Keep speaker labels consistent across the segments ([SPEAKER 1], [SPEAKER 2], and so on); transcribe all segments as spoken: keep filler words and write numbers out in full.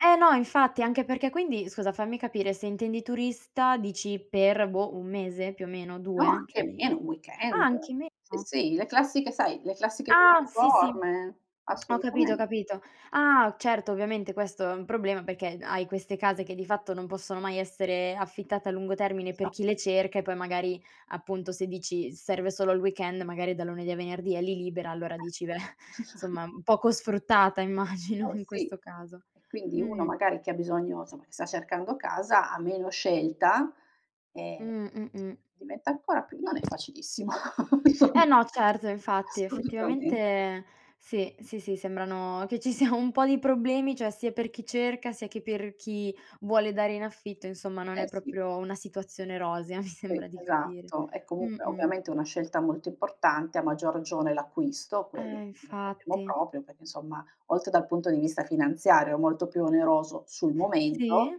[SPEAKER 1] Eh no, infatti, anche perché quindi, scusa, fammi capire se intendi turista, dici per, boh, un mese più o meno,
[SPEAKER 2] No,
[SPEAKER 1] due
[SPEAKER 2] anche
[SPEAKER 1] ceh mhmm
[SPEAKER 2] meno, un
[SPEAKER 1] ah
[SPEAKER 2] weekend.
[SPEAKER 1] anche meno?
[SPEAKER 2] Sì sì, le classiche sai, le classiche
[SPEAKER 1] Ah sì, sì,
[SPEAKER 2] piattaforme,
[SPEAKER 1] ho capito, ho
[SPEAKER 2] assolutamente.
[SPEAKER 1] capito. Ah certo, ovviamente, questo è un problema perché, hai queste case che di fatto non possono mai essere affittate a lungo termine per
[SPEAKER 2] Esatto.
[SPEAKER 1] chi le cerca e poi magari appunto, se dici, serve solo il weekend, magari è da lunedì a venerdì è li libera, allora dici,
[SPEAKER 2] [unintelligible]
[SPEAKER 1] insomma, poco sfruttata immagino
[SPEAKER 2] Eh
[SPEAKER 1] in
[SPEAKER 2] sì,
[SPEAKER 1] questo caso,
[SPEAKER 2] e quindi uno
[SPEAKER 1] mh.
[SPEAKER 2] magari che ha bisogno, insomma, che sta cercando casa, ha meno scelta,
[SPEAKER 1] Mh,
[SPEAKER 2] ehm,
[SPEAKER 1] mh mh.
[SPEAKER 2] diventa ancora più non è facilissimo.
[SPEAKER 1] Eh no, certo infatti,
[SPEAKER 2] Assolutamente.
[SPEAKER 1] effettivamente sì, sì, sì, sembrano che ci sia un po' di problemi, cioè sia per chi cerca, sia che per chi vuole dare in affitto, insomma non
[SPEAKER 2] Eh
[SPEAKER 1] è
[SPEAKER 2] sì.
[SPEAKER 1] propio una situazione rosea, mi
[SPEAKER 2] Sì,
[SPEAKER 1] sembra di capire.
[SPEAKER 2] esatto, è comunque,
[SPEAKER 1] Mh-mh.
[SPEAKER 2] ovviamente, una scelta molto importante, a maggior ragione l'acquisto,
[SPEAKER 1] Eh
[SPEAKER 2] quello non ne parliamo
[SPEAKER 1] infatti.
[SPEAKER 2] propio perché insomma, oltre dal punto di vista finanziario molto più oneroso sul
[SPEAKER 1] Sì?
[SPEAKER 2] momento,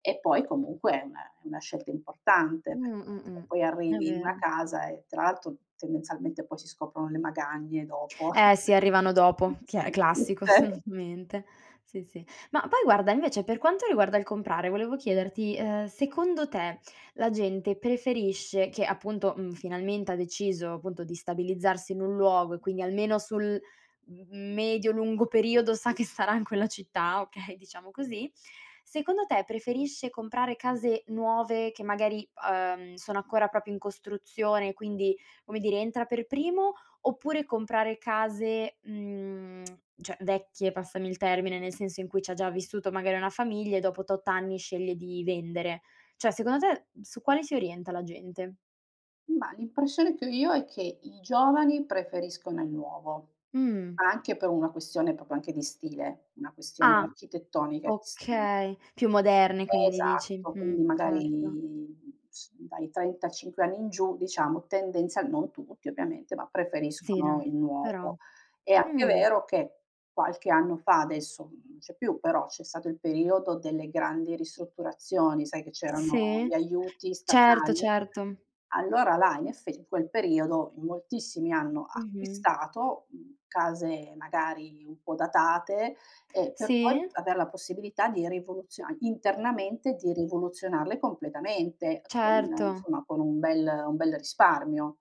[SPEAKER 2] e poi comunque è una è una scelta importante,
[SPEAKER 1] Mh,
[SPEAKER 2] perché
[SPEAKER 1] mh
[SPEAKER 2] [unintelligible] poi
[SPEAKER 1] mh è
[SPEAKER 2] arrivi in una
[SPEAKER 1] vero.
[SPEAKER 2] casa, e tra l'altro, tendenzialmente, poi si scoprono le magagne dopo eh sì,
[SPEAKER 1] Eh sì, arrivano dopo, che è classico
[SPEAKER 2] tutte.
[SPEAKER 1] assolutamente. Sì, sì. Ma poi guarda, invece, per quanto riguarda il comprare, volevo chiederti, uhm, secondo te, la gente preferisce che, appunto, mhmm, finalmente ha deciso appunto di stabilizzarsi in un luogo e quindi almeno sul, mhmm, medio lungo periodo sa che sarà in quella città, okay diciamo così, secondo te, preferisce comprare case nuove che magari, uhm, sono ancora propio in costruzione, quindi, come dire entra per primo oppure, comprare case, mhmm, cioè vecchie, passami il termine, nel senso, in cui c' ha già vissuto magari una famiglia, e dopo tot anni sceglie di vendere ceh, secondo te, su quale si orienta la gente?
[SPEAKER 2] Mah l'impressione è che ho io è che, i giovani preferiscono il nuovo,
[SPEAKER 1] Mh.
[SPEAKER 2] anche per una questione propio anche di stile, una questione
[SPEAKER 1] Ah,
[SPEAKER 2] architettonica di stile.
[SPEAKER 1] okay, più moderne quindi dici,
[SPEAKER 2] Esatto,
[SPEAKER 1] mh,
[SPEAKER 2] quindi
[SPEAKER 1] certo.
[SPEAKER 2] magari, s dai trentacinque anni in giù diciamo, tendenzial non tutti ovviamente, ma
[SPEAKER 1] Sì,
[SPEAKER 2] preferiscono
[SPEAKER 1] no,
[SPEAKER 2] il
[SPEAKER 1] però
[SPEAKER 2] nuovo. È anche
[SPEAKER 1] mh.
[SPEAKER 2] vero che, qualche anno fa adesso non c'è più però, c'è stato il periodo delle grandi ristrutturazioni, sai, che c'erano
[SPEAKER 1] Sì,
[SPEAKER 2] gli aiuti
[SPEAKER 1] certo,
[SPEAKER 2] statali,
[SPEAKER 1] certo.
[SPEAKER 2] allora là in eff in quel periodo, in moltissimi hanno
[SPEAKER 1] Mh-mh.
[SPEAKER 2] acquistato, mhmm, case magari un po' datate e per poi
[SPEAKER 1] Sì.
[SPEAKER 2] aver la possibilità di rivoluziona internamente di rivoluzionarle completamente, con
[SPEAKER 1] Certo.
[SPEAKER 2] insomma, con un bel un bel risparmio.